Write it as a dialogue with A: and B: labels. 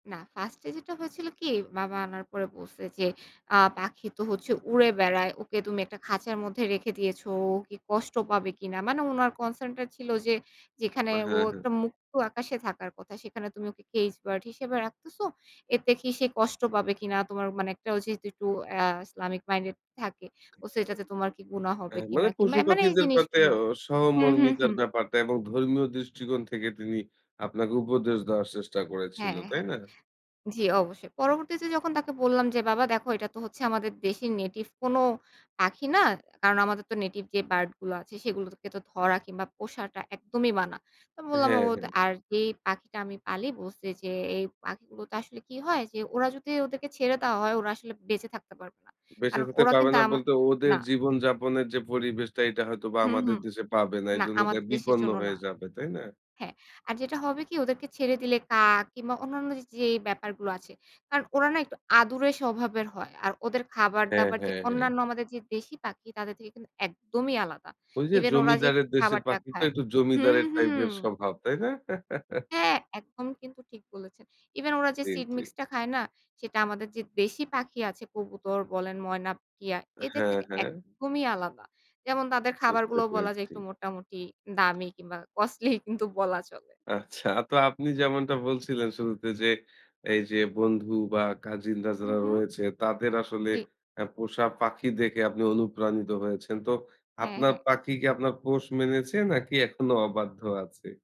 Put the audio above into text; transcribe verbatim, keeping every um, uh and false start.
A: না, first এ যেটা হয়েছিল কি? বাবা আনার পরে বলছে যে, আ "পাখি তো হচ্ছে উড়ে বেড়ায়। ওকে তুমি একটা খাঁচার মধ্যে রেখে দিয়েছো, ও কি কষ্ট পাবে কিনা?" মানে উনার কনসার্ন টা ছিল যে, "যেখানে
B: হ্যাঁ,
A: ও
B: হ্যাঁ।
A: একটা মুক্ত আকাশে থাকার কথা, সেখানে তুমি ওকে কেইস বার্ড হিসেবে রাখতেস, এতে কি সে কষ্ট পাবে কিনা? তোমার মানে একটা" ও যেহেতু একটু অ্যা ইসলামিক মাইন্ডেড থাকে। ও "সেটাতে তোমার কি গুনাহ
B: অ্যা
A: হবে কিনা?"
B: মানে
A: কিংবা এ মানে এই
B: পশু-পাখিদের পাটে
A: জিনিসগুলো
B: অ
A: হুম, হুম,
B: সহমর্মিতার
A: হুম।
B: ব্যাপারটা এবং ধর্মীয় দৃষ্টিকোণ থেকে, তিনি আপনাকে উপদেশ দেওয়ার চেষ্টা
A: হ্যাঁ,
B: করেছিলো, তাই
A: হ্যাঁ।
B: না?
A: জি, অবশ্যই। পরবর্তীতে যখন তাকে বললাম যে, "বাবা দেখো এটা তো হচ্ছে, আমাদের দেশি নেটিভ কোন পাখি না। কারণ আমাদের তো নেটিভ যে বার্ড গুলো আছে, সেগুলোকে তো ধরা কিংবা পোষাটা একদমই মানা।" তো বললাম,
B: হ্যাঁ,
A: "ও তো;
B: হ্যাঁ।
A: আর যেই পাখিটা আমি পালি" বলছি যে, "এই পাখিগুলোতে আসলে কি হয়? যে ওরা যদি ওদেরকে ছেড়ে দেওয়া হয়, ওরা আসলে বেঁচে থাকতে পারবে না।
B: বেঁচে
A: কারণ
B: থাকতে
A: ওরা
B: পারবে
A: কিন্তু
B: না
A: আমা"
B: বলতে, ওদের
A: না।
B: জীবনযাপনের যে পরিবেশটা, এটা হয়তো বা
A: হু, হু।
B: আমাদের দেশে পাবে না।
A: না,
B: এজন্য তাই
A: আমাদের দেশের
B: বিপন্ন
A: জন্য না।
B: হয়ে যাবে, তাই না?
A: হ্যাঁ। আর যেটা হবে কি? ওদেরকে ছেড়ে দিলে কাক কিংবা অন্যান্য যে, যে ব্যাপারগুলো আছে। কারণ ওরা না একটু আদুরে স্বভাবের হয়। আর ওদের
B: হ্যাঁ,
A: খাবার-দাবার যে
B: হ্যাঁ, হ্যাঁ।
A: অন্যান্য আমাদের যে দেশী পাখি, তাদের থেকে কিন্তু একদমই আলাদা।
B: ঐ যে
A: ইভেন ওরা যে
B: জমিদারের দেশের
A: খাবারটা
B: পাখি তো
A: খায়
B: একটু
A: হুম,
B: জমিদারের
A: হুম।
B: টাইপের স্বভাব, তাই না?
A: হ্যাঁ, একদম কিন্তু ঠিক বলেছেন। ইভেন ওরা যে
B: জি,
A: সিড
B: জি।
A: মিক্স টা খায় না? সেটা আমাদের যে দেশী পাখি আছে কবুতর বলেন ময়না, টিয়া এদের
B: হ্যাঁ,
A: থেকে
B: হ্যাঁ।
A: একদমই আলাদা। যেমন তাদের
B: বুঝতে
A: খাবারগুলোও বলা যায়
B: পেরেছি।
A: একটু মোটামুটি দামি কিংবা কস্টলি কিন্তু বলা চলে।
B: আচ্ছা, আ তো আপনি যেমনটা বলছিলেন শুরুতে যে, এই যে বন্ধু বা কাজিনরা
A: হুম,
B: যারা
A: হুম।
B: রয়েছে, তাদের আসলে
A: জি।
B: অ্যা পোষা পাখি দেখে আপনি অনুপ্রাণিত হয়েছেন। তো
A: হ্যাঁ,
B: আপনার
A: হ্যাঁ।
B: পাখি কি, আপনার পোষ মেনেছে নাকি এখনও অবাধ্য আছে?